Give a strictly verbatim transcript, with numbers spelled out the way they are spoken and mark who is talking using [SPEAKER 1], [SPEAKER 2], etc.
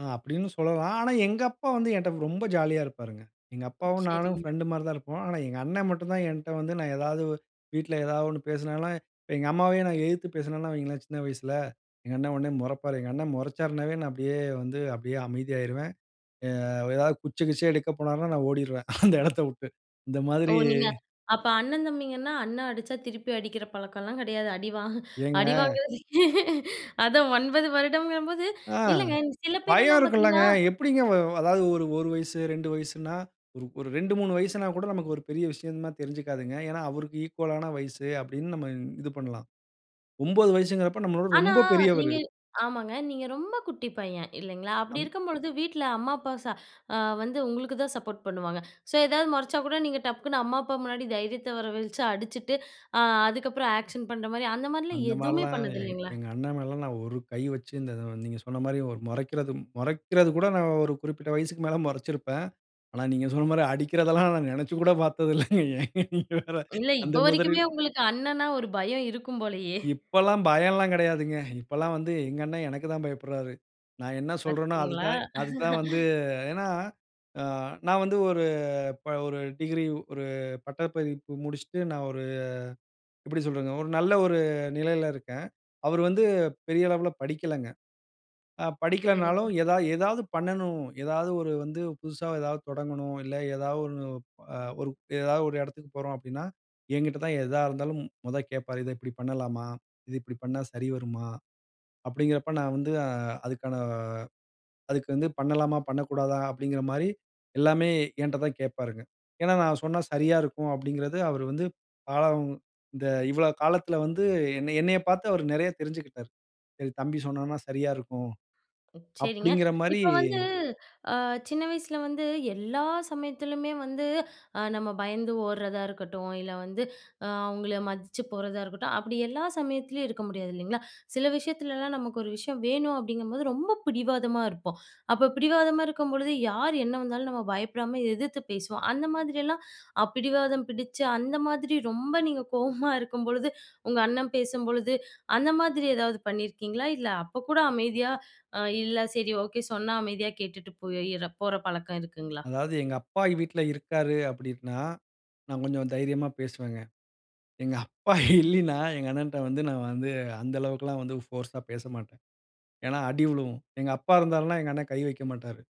[SPEAKER 1] ஆ அப்டின்னு சொல்லலாம். ஆனா, எங்கப்பா வந்து என்ட்ட ரொம்ப ஜாலியா இருப்பாருங்க. எங்க அப்பாவும் நானும்
[SPEAKER 2] சரிங்க.
[SPEAKER 1] ஃப்ரெண்ட் மாரி தான் இருப்போம். ஆனா எங்க அண்ணன் மட்டும் தான் என்ட்ட வந்து நான் ஏதாவது வீட்ல ஏதாவது ஒண்ணு பேசுனால, எங்க அம்மாவையும் நான் எயித்து பேசுனேனா வையுங்களேன் சின்ன வயசுல, எங்க அண்ண உடனே மொறப்பாரு. எங்க அண்ணன் மொறச்சார்னாவே நான் அப்படியே வந்து அப்டியே அமைதியாயிருவேன். அ எதாவது குச்ச கிச்சிய எடுக்க போனார்னா நான் ஓடிருவேன் அந்த இடத்த வுட்டு இந்த
[SPEAKER 2] ஓ
[SPEAKER 1] மாதிரி
[SPEAKER 2] நீங்க அப்ப அண்ண தம்பிங்கன்னா அண்ணன் அடிச்சா, திருப்பி அடிக்கிற பழக்கம்லாம் கிடையாது. அடிவாங்க
[SPEAKER 1] ஏங்க?
[SPEAKER 2] அடிவாங்குறது அதான் ஒன்பது வருடங்கும்போது
[SPEAKER 1] அ
[SPEAKER 2] இல்லங்க சில
[SPEAKER 1] பயம்
[SPEAKER 2] பேரெல்லாம்
[SPEAKER 1] இருக்கும்ல்லங்க.
[SPEAKER 2] பார்த்தீங்கன்னா
[SPEAKER 1] எப்டிங்க அதாவது ஒரு ஒரு வயசு, ரெண்டு, வயசுன்னா, ஒரு ரெண்டு, மூணு, வயசுன்னா கூட நமக்கு ஒரு பெரிய விஷயமா தெரிஞ்சுக்காதுங்க. ஏன்னா அவருக்கு ஈக்வாலான வயசு அப்டின்னு நம்ம இது பண்ணலாம். ஒன்பது வயசுன்கிறப்ப நம்மளோட
[SPEAKER 2] ஆனா
[SPEAKER 1] ரொம்ப பெரியவரு.
[SPEAKER 2] நீங்க ஆமாங்க. நீங்க ரொம்ப குட்டி பையன் இல்லைங்களா. அப்டி
[SPEAKER 1] அம்
[SPEAKER 2] இருக்கும்பொழுது வீட்ல அம்மா, அப்பா ச வந்து உங்களுக்கு தான் சப்போர்ட் பண்ணுவாங்க. ஸோ எதாவது மொறச்சா கூட நீங்க டக்குன்னு அம்மா அப்பா முன்னாடி தைரியத்த வர வழைச்சு அடிச்சுட்டு அ அதுக்கப்புறம் ஆக்ஷன் பண்ற மாரி அந்த மாரிலாம்
[SPEAKER 1] அந்த
[SPEAKER 2] எதுவுமே
[SPEAKER 1] மாரில்லாம்
[SPEAKER 2] பண்ணது
[SPEAKER 1] எங்
[SPEAKER 2] இல்லைங்களா?
[SPEAKER 1] எங்க அண்ணன் மேல எல்லாம் நான் ஒரு கை வைச்சு நீங்க சொன்ன மாரி மொறைக்கிறது மொறைக்கிறது கூட நான் ஒரு குறிப்பிட்ட வயசுக்கு மேல மொறச்சிருப்பேன். ஆனா நீங்க சொன்ன மாரி அடிக்கிறதெல்லாம் நான் நெனைச்சு கூட பார்த்ததில்ல. ஏங்க நீங்க வேற
[SPEAKER 2] இல்ல
[SPEAKER 1] அந்த
[SPEAKER 2] இப்ப வரைக்குமே
[SPEAKER 1] மொதிரில்.
[SPEAKER 2] உங்களுக்கு அண்ணனா ஒரு பயம் இருக்கும் போலயே!
[SPEAKER 1] இப்பல்லாம் பயம்லாம் கிடையாதுங்க. இப்பல்லாம் வந்து எங்க அண்ண எனக்கு தான் பயப்படுறாரு. நான் என்ன சொல்றேனோ அது
[SPEAKER 2] பார்த்தீங்களா.
[SPEAKER 1] தான் அது தான் வந்து ஏன்னா அ நான் வந்து ஒரு ஒரு ப டிகிரி ஒரு பட்டப்பதிப்பு முடிச்சுட்டு நான் ஒரு எப்படி சொல்றதுங்க. ஒரு நல்ல ஒரு நிலையில இருக்கேன். அவரு வந்து பெரிய அளவுல படிக்கலங்க. ஆ படிக்கலைனாலும்
[SPEAKER 2] சரிங்க.
[SPEAKER 1] ஏதாவது ஏதாவது பண்ணணும், ஏதாவது ஒரு வந்து புதுசா ஏதாவது தொடங்கணும், இல்ல ஏதாவது ஒரு அ ஏதாவது ஒரு இடத்துக்கு போறோம் அப்டின்னா, என்கிட்ட தான் எதா இருந்தாலும் மொத கேட்பாரு, "இத இப்டி பண்ணலாமா? இத இப்டி பண்ணா சரி வருமா?" அப்டின்கிறப்ப நான் வந்து அ அதுக்கான அதுக்கு வந்து பண்ணலாமா? பண்ணக்கூடாதா? அப்டிங்குற மாரி எல்லாமே என்ட்ட தான் கேட்பாருங்க. ஏன்னா நான் சொன்னா சரியா இருக்கும் அப்டிங்குறது, அவர் வந்து காலம் இந்த இவ்வள காலத்துல வந்து என்னை என்னைய பார்த்து அவர் நெறைய தெரிஞ்சுகிட்டாரு. சரி தம்பி சொன்னான்னா சரியா இருக்கும்
[SPEAKER 2] சரிங்க.
[SPEAKER 1] அப்டிங்கிற மாரி
[SPEAKER 2] இப்ப வந்து அ சின்ன வயசுல வந்து எல்லா சமயத்திலயுமே வந்து நம்ம பயந்து ஓடுறதா இருக்கட்டும், இல்ல வந்து அ அவுங்கள மதிச்சு போறதா இருக்கட்டும் அப்டி எல்லா சமயத்திலேயும் இருக்க முடியாது, இல்லைங்களா? சில விஷயத்துலலாம் நமக்கு ஒரு விஷயம் வேணும் அப்டிங்கும்போது ரொம்ப பிடிவாதமா இருப்போம். அப்ப பிடிவாதமா இருக்கும்பொழுது யார் என்ன வந்தாலும், நம்ம பயப்படாம எதிர்த்து பேசுவோம். அந்த மாதிரியெல்லாம் அப் பிடிவாதம் பிடிச்சு அந்த மாதிரி ரொம்ப நீங்க கோவமா இருக்கும்பொழுது, உங்க அண்ணன் பேசும்பொழுது, அந்த மாதிரி ஏதாவது பண்ணியிருக்கீங்களா? இல்ல அப்ப கூட அமைதியா அ இல்ல, சரி ஓகே சொன்னா அமைதியா கேட்டுட்டு போயிற போறபழக்கம் இருக்குங்களா?
[SPEAKER 1] அதாவது எங்க அப்பா வீட்ல இருக்காரு அப்டின்னா, நான் கொஞ்சம் தைரியமா பேசுவேங்க. எங்க அப்பா இல்லின்னா எங்க அண்ணன்ட்ட வந்து நான் வந்து அந்த அளவுக்கு எல்லாம் வந்து போர்ஸ்ஸா பேசமாட்டேன். ஏன்னா அடி உழுவும். எங்க அப்பா இருந்தாருனா எங்க அண்ணன் கை வைக்க மாட்டாரு.